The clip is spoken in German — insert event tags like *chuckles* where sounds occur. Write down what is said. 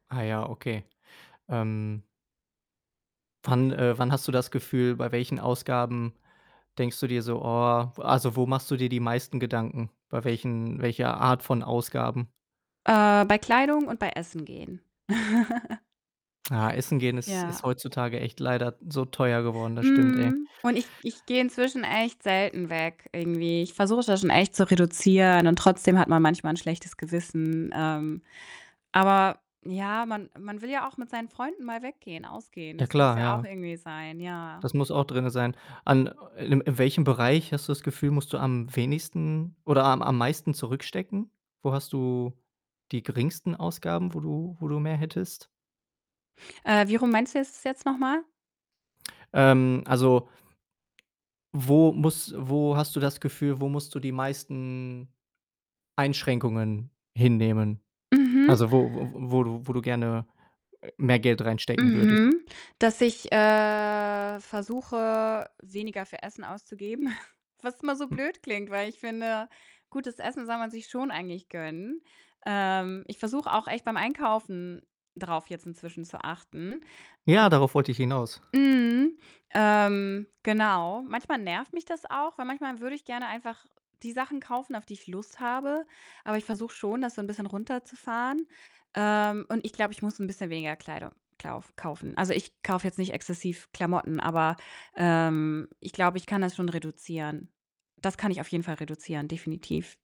Ah ja, okay. Ähm wann äh, wann hast du das Gefühl, bei welchen Ausgaben denkst du dir so: „Oh“, w also wo machst du dir die meisten Gedanken? Bei welchen welcher Art von Ausgaben? Äh, bei Kleidung und bei Essen gehen. *laughs* Ah, Essen gehen ist ist Ja. heutzutage echt leider so teuer geworden. Das stimmt, ey. Mhm, und ich ich gehe inzwischen echt selten weg irgendwie. Ich versuche das schon echt zu reduzieren, und trotzdem hat man manchmal 'n schlechtes Gewissen. Ähm, aber ja, man man will ja auch mit seinen Freunden mal weggehen, ausgehen. Ja Das muss klar, ja auch ja. irgendwie sein, ja. Das muss auch drinne sein. An äh, in in welchem Bereich hast du das Gefühl, musst du am wenigsten oder am am meisten zurückstecken? Wo hast du die geringsten Ausgaben, wo du wo du mehr hättest? Äh, wie rum meinst du jetzt es jetzt noch mal? Ähm, also wo muss wo hast du das Gefühl, wo musst du die meisten Einschränkungen hinnehmen? Mhm. Also wo wo wo du wo du gerne, äh, mehr Geld reinstecken würdest? Mhm. Dass ich, äh, versuche, weniger für Essen auszugeben, *chuckles* was immer so *unintelligible* blöd klingt, weil ich finde, gutes Essen soll man sich schon eigentlich gönnen. Ähm, ich versuche auch echt beim Einkaufen drauf jetzt inzwischen zu achten. Ja, darauf wollte ich hinaus. M mhm, ähm, genau. Manchmal nervt mich das auch, weil manchmal würde ich gerne einfach die Sachen kaufen, auf die ich Lust habe, aber ich versuche schon, das so 'n bisschen runterzufahren. Ähm, und ich glaube, ich muss 'n bisschen weniger Kleidung klauf kaufen. Also, ich kaufe jetzt nicht exzessiv Klamotten, aber, ähm, ich glaube, ich kann das schon reduzieren. Das kann ich auf jeden Fall reduzieren, definitiv.